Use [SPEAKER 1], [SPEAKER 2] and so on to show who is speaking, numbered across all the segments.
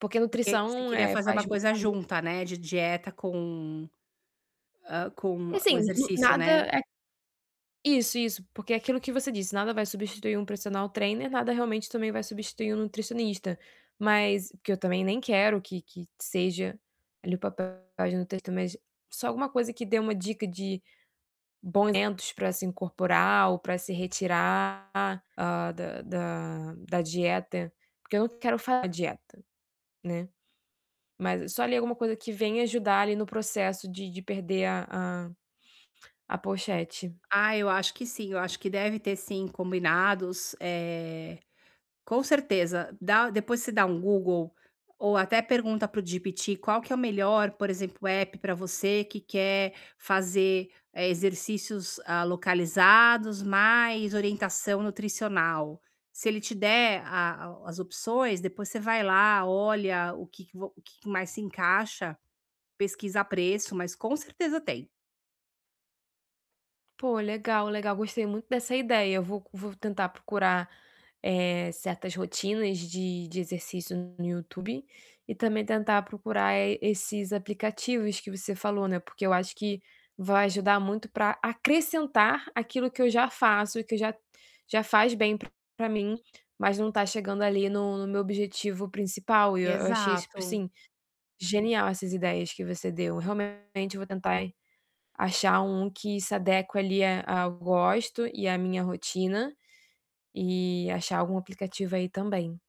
[SPEAKER 1] Porque
[SPEAKER 2] Por que você
[SPEAKER 1] nutrição,
[SPEAKER 2] queria
[SPEAKER 1] eh,
[SPEAKER 2] fazer uma
[SPEAKER 1] faz mu
[SPEAKER 2] coisa
[SPEAKER 1] faz mu
[SPEAKER 2] junta, né, de dieta com, hã, com o
[SPEAKER 1] Assim, no
[SPEAKER 2] exercício,
[SPEAKER 1] nada
[SPEAKER 2] né?
[SPEAKER 1] é Isso, isso. Porque é aquilo que você disse: Nada vai substituir um personal trainer, nada realmente também vai substituir um nutricionista. Mas porque eu também nem quero que que seja ali o papel da nutricionista, mas só alguma coisa que dê uma dica de bons alimentos ou pra se retirar, hã, da da da dieta. Porque eu não quero fazer dieta, né. Mas, só ali alguma coisa que venha ajudar ali no processo de de perder a a a pochete.
[SPEAKER 2] Ah, eu acho que sim. Eu acho que deve ter, sim, combinados, eh, com certeza. Dá depois você dá um Google ou até pergunta para o GPT qual que é o melhor, por exemplo, app pra você que quer fazer, eh, exercícios, hã, localizados mais orientação nutricional. Se ele te der a o as opções, depois você vai lá, olha o que que vo o que que mais se encaixa. Pesquisa preço, mas com certeza tem.
[SPEAKER 1] Pô, legal, legal, gostei muito dessa ideia. Eu vou c vou tentar procurar, eh, certas rotinas de de exercício no YouTube e também tentar procurar, eh, esses aplicativos que você falou, né. Porque eu acho que vai ajudar muito pra acrescentar aquilo que eu já faço e que já já faz bem pra mim. Mas não tá chegando ali no no meu objetivo principal. E eu achei super,
[SPEAKER 2] Exato.
[SPEAKER 1] assim, genial essas ideias que você deu. Realmente eu vou tentar achar um que se adeque ali a ao gosto e à minha rotina e achar algum aplicativo aí também.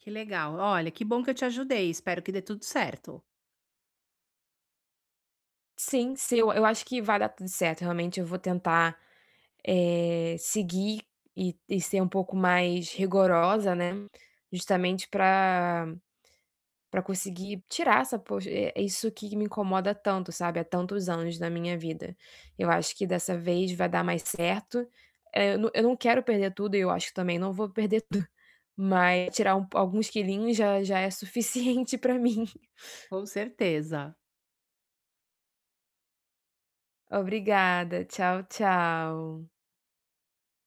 [SPEAKER 2] Que legal. Olha, que bom que eu te ajudei. Espero que dê tudo certo.
[SPEAKER 1] Sim, sim. Eu eu acho que vai dar tudo certo. Realmente, eu vou tentar, eh, seguir e e ser um pouco mais rigorosa, né. Justamente pra pra conseguir tirar essa poche eh, isso que me incomoda tanto, sabe, há tantos anos na minha vida. Eu acho que dessa vez vai dar mais certo. Eh, eu n eu não quero perder tudo e eu acho que também não vou perder tud mas tirar um po alguns quilinhos já já é suficiente pra mim.
[SPEAKER 2] Com certeza.
[SPEAKER 1] Obrigada. Tchau, tchau.